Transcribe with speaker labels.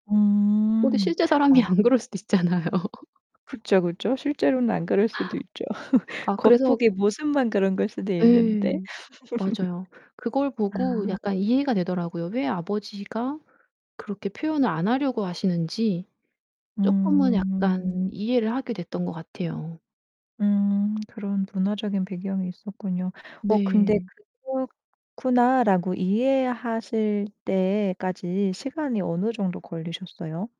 Speaker 1: 오 근데
Speaker 2: 음
Speaker 1: 실제 사람이
Speaker 2: 어.
Speaker 1: 안 그럴 수도 있잖아요.
Speaker 2: 그쵸, 그쵸. 실제로는 안 그럴 수도 있죠.
Speaker 1: 아 그래서
Speaker 2: 겉보기 모습만 그런 걸 수도 있는데.
Speaker 1: 예. 맞아요. 그걸
Speaker 2: 아.
Speaker 1: 보고 약간 이해가 되더라고요. 왜 아버지가 그렇게 표현을 안 하려고 하시는지 쪼끔은 약간
Speaker 2: 음.
Speaker 1: 이해를 하게 됐던 것 같아요.
Speaker 2: 음 그런 문화적인 배경이 있었군요. 어 근데
Speaker 1: 네.
Speaker 2: '그렇구나.'라고 이해하실 때까지 시간이 어느 정도 걸리셨어요?